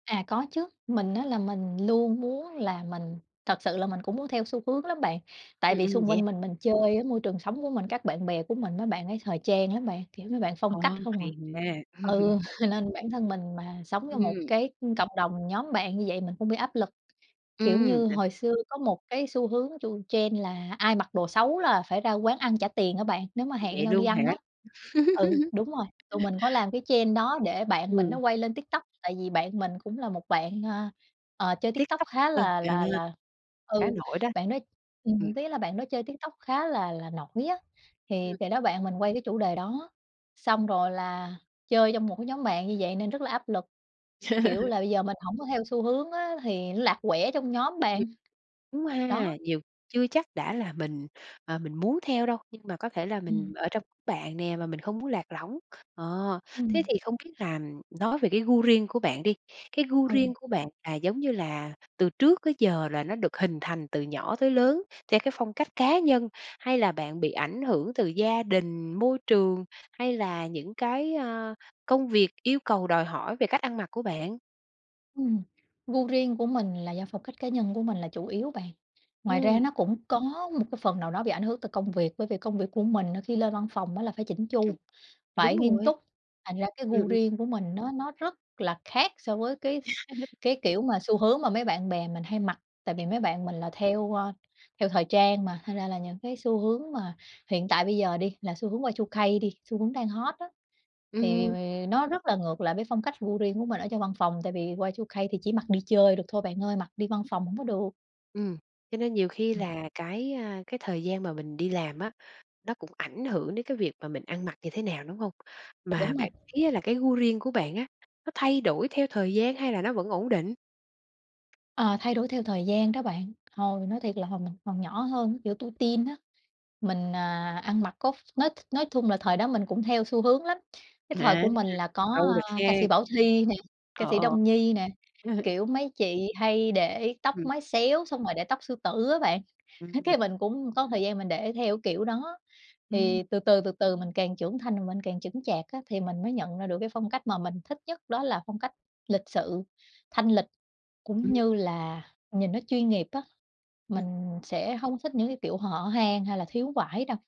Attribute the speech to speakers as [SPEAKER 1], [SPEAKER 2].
[SPEAKER 1] À, có chứ, mình á là mình luôn muốn là mình thật sự là mình cũng muốn theo xu hướng lắm bạn tại
[SPEAKER 2] Ừm,
[SPEAKER 1] vì
[SPEAKER 2] ừm,
[SPEAKER 1] xung
[SPEAKER 2] vậy
[SPEAKER 1] quanh
[SPEAKER 2] h
[SPEAKER 1] mình mình chơi á, môi trường sống của mình các bạn bè của mình mấy bạn ấy thời trang lắm bạn, kiểu, mấy bạn phong
[SPEAKER 2] Ồ,
[SPEAKER 1] cách không à
[SPEAKER 2] hay ha!
[SPEAKER 1] ừ, nên bản thân mình mà sống trong một
[SPEAKER 2] Ừm.
[SPEAKER 1] cái, ưm, cộng đồng nhóm bạn như vậy mình cũng bị áp lực, kiểu
[SPEAKER 2] Ừm,
[SPEAKER 1] như,
[SPEAKER 2] đ
[SPEAKER 1] hồi xưa có 1 cái xu hướng chu trend là ai mặc đồ xấu là phải ra quán ăn trả tiền á bạn, nếu mà hẹn
[SPEAKER 2] Vậy
[SPEAKER 1] nhau đi
[SPEAKER 2] luôn hả?
[SPEAKER 1] ăn á. Ừ, đúng rồi, tụi mình có làm cái trend đó để bạn mình nó
[SPEAKER 2] Ừm.
[SPEAKER 1] quay lên TikTok tại vì bạn mình cũng là một bạn, ờ, ờ, chơi TikTok
[SPEAKER 2] TikTok,
[SPEAKER 1] khá
[SPEAKER 2] ờ,
[SPEAKER 1] là
[SPEAKER 2] à,
[SPEAKER 1] là là
[SPEAKER 2] khá
[SPEAKER 1] ừ,
[SPEAKER 2] nổi đó
[SPEAKER 1] bạn đó
[SPEAKER 2] b ừm.
[SPEAKER 1] ừm, ý là bạn đó chơi TikTok khá là là nổi á
[SPEAKER 2] Ừm.
[SPEAKER 1] thì thì đó, bạn mình quay cái chủ đề đó xong rồi là chơi trong 1 cái nhóm bạn như vậy nên rất là áp lực, kiểu là, bây giờ mình hổng có theo xu hướng á thì nó lạc quẻ trong nhóm
[SPEAKER 2] Ừm,
[SPEAKER 1] bạn,
[SPEAKER 2] đúng
[SPEAKER 1] đó.
[SPEAKER 2] ha, nhiều chưa chắc đã là mình, ờ, mình muốn theo đâu nhưng mà có thể là mình
[SPEAKER 1] Ừm.
[SPEAKER 2] ở trong đám bạn nè mà mình không muốn lạc lõng, kh ờ, thế
[SPEAKER 1] Ừm.
[SPEAKER 2] thì không biết là nói về cái gu riêng của bạn đi, cái gu
[SPEAKER 1] Ừ.
[SPEAKER 2] riêng của bạn là giống như là từ trước tới giờ là nó được hình thành từ nhỏ tới lớn theo cái phong cách cá nhân hay là bạn bị ảnh hưởng từ gia đình, môi trường hay là những cái, ơ, công việc yêu cầu đòi hỏi về cách ăn mặc của bạn?
[SPEAKER 1] Ừm, gu riêng của mình là do phong cách cá nhân của mình là chủ yếu bạn. Ngoài ra
[SPEAKER 2] Ừm.
[SPEAKER 1] nó cũng có một cái phần nào đó bị ảnh hưởng từ công việc bởi vì công việc của mình á khi lên văn phòng á là phải chỉn chu,
[SPEAKER 2] Ừm, đúng
[SPEAKER 1] phải nghiêm
[SPEAKER 2] rồi.
[SPEAKER 1] túc, thành ra cái
[SPEAKER 2] Ừm,
[SPEAKER 1] gu
[SPEAKER 2] ừm.
[SPEAKER 1] riêng của mình nó nó rất là khác so với cái s cái kiểu mà xu hướng mà mấy bạn bè mình hay mặc, tại vì mấy bạn mình là theo, ơ, theo thời trang mà thành ra là những cái xu hướng mà hiện tại bây giờ đi là xu hướng Y2K đi xu hướng đang hot á thì vì
[SPEAKER 2] Ừm.
[SPEAKER 1] vì nó rất là ngược lại với phong cách gu riêng của mình ở trong văn phòng tại vì Y2K thì chỉ mặc đi chơi được thôi bạn ơi, mặc đi văn
[SPEAKER 2] Ưm.
[SPEAKER 1] phòng hổng có được.
[SPEAKER 2] Ừm, cho nên nhiều khi
[SPEAKER 1] Ừm.
[SPEAKER 2] là cái, a, cái thời gian mà mình đi làm á, nó cũng ảnh hưởng đến cái việc mà mình ăn mặc như thế nào, đúng hông? Mà
[SPEAKER 1] Đúng rồi.
[SPEAKER 2] bạn thấy là cái gu riêng của bạn á nó thay đổi theo thời gian hay là nó vẫn ổn định?
[SPEAKER 1] Ờ, thay đổi theo thời gian đó bạn, hồi nói thiệt là hồi mình còn nhỏ hơn kiểu tuổi teen á mình, à, ăn mặc có ph nói nói thun là thời đó mình cũng theo xu hướng lắm, cái thời
[SPEAKER 2] À,
[SPEAKER 1] của mình là có,
[SPEAKER 2] lâu rồi
[SPEAKER 1] à, ca
[SPEAKER 2] khê.
[SPEAKER 1] sĩ Bảo Thy nè, ca
[SPEAKER 2] Ờ,
[SPEAKER 1] sĩ
[SPEAKER 2] ờ.
[SPEAKER 1] Đông Nhi nè, kiểu, mấy chị hay để tóc
[SPEAKER 2] Ừm.
[SPEAKER 1] mái xéo xong rồi để tóc sư tử á bạn,
[SPEAKER 2] Ừm,
[SPEAKER 1] á,
[SPEAKER 2] n
[SPEAKER 1] cái mình cũng có thời gian mình để theo cái kiểu kiểu đó
[SPEAKER 2] Ừm.
[SPEAKER 1] thì từ từ, từ từ mình càng trưởng thành mà mình càng chững chạc á thì mình mới nhận ra được cái phong cách mà mình thích nhất đó là phong cách lịch sự, thanh lịch
[SPEAKER 2] Ừm.
[SPEAKER 1] cũng như là nhìn nó chuyên nghiệp á,
[SPEAKER 2] Ừm.
[SPEAKER 1] mình sẽ hông thích những cái kiểu hở hang hay là thiếu vải đâu.